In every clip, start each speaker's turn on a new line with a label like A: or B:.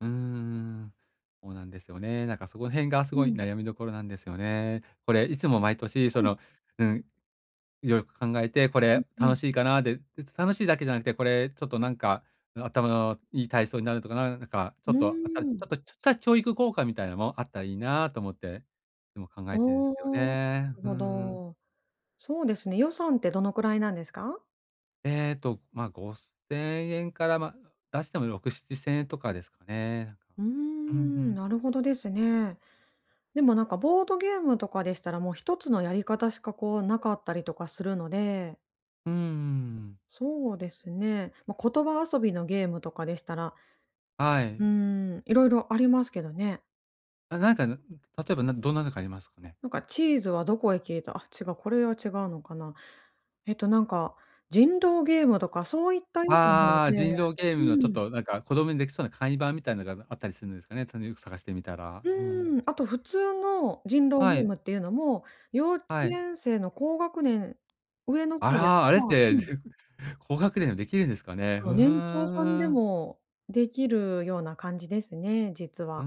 A: うーん、そうなんですよね。なんかその辺がす
B: う
A: ごい
B: ん。
A: 悩みどころなんですよね。これいつも毎年、そ
B: うん。
A: の、うん、よく考えて、こ
B: うん
A: れ
B: う
A: 楽
B: ん。
A: しいかなで、楽しいだけじゃなくて、これちょっとなんか、ん、頭のいい体操になるとか、なんなんかち
B: う
A: ょ
B: ー
A: っと、あたち
B: ん。
A: ょっとちょっちゃ、教育効果みたいなのもあったらいいなと思って、いつも考えてるんです
B: お
A: けど
B: お、な
A: ね。
B: る
A: うー
B: ほ
A: ん。
B: ど。そうですね、予算ってどのくらいなんですか？
A: えっと、ま、5000円から、ま、出しても6、7000円とかですかね。
B: うー
A: うん、ふ
B: ん、
A: ん。
B: なるほどですね。でもなんかボードゲームとかでしたら、もう1つのやり方しかこうなかったりとかするので
A: うんうんうん。
B: そうですね。ま、言葉遊びのゲームとかでしたら、
A: は
B: う
A: い。
B: ーん。色々ありますけどね。
A: あ、なんか、なん例えば、なんどんなのがありますかね？
B: なんかチーズはどこへ消えた。あ、違う。これは違うのかな。えっとなんか人狼ゲームとかそういった
A: ああ
B: ようなもの
A: ああああ。
B: で、
A: 人狼ゲームのち
B: う
A: ょっ
B: ん。
A: となんか子供にできそうな簡易版みたいなのが、あの、あったりするんですかね？ちゃんとよく探してみたら。うん。
B: うーん。あと普通の人狼
A: は
B: ゲー
A: い。
B: ムっていうのも、幼稚
A: はい。
B: 園生の高学年、上の
A: あ
B: 方で、
A: ら、あれっ
B: ああ
A: て、
B: うん。
A: 高学年でもできるんですかね。
B: そ
A: ふ
B: う、年長さん
A: ー
B: で
A: ん。
B: もできるような感じですね、実
A: うー
B: は。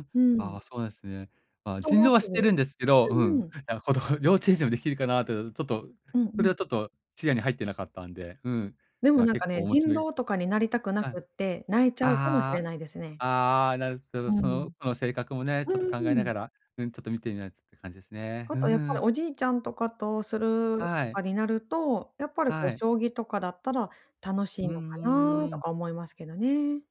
A: ん。
B: う
A: あ
B: ん。
A: あ、そうなんですね。まあ、
B: と
A: 人
B: ま
A: 狼
B: す
A: は知
B: る。
A: ってるんですけど、
B: う
A: う
B: ん
A: ん。
B: うん。
A: なんか子供幼稚園児もできるかなとちょっと、
B: うんう
A: それ
B: ん。
A: はちょっと視野に入ってなかったんで。うん。
B: でも
A: や、
B: なん
A: 結
B: かね、
A: 構面
B: 人
A: 白い。
B: 狼とかになりたくな
A: はい。
B: くって、泣いちゃうかもしれ
A: ああ
B: ないですね。
A: ああああ。ああああああ、なる。てか、
B: う
A: そ
B: ん。
A: の子の性格もね、
B: う
A: ちょっと考え
B: ー
A: な
B: ん。
A: がら、うん。ちょっと見てみないって感じですね。
B: あ
A: ふう
B: とやっぱり
A: ん。
B: おじいちゃんとかとする
A: は
B: と
A: い。
B: かになると、やっぱりこう
A: はい。
B: 将棋とかだったら楽しい
A: うー
B: のかなと
A: ん。
B: か思いますけどね。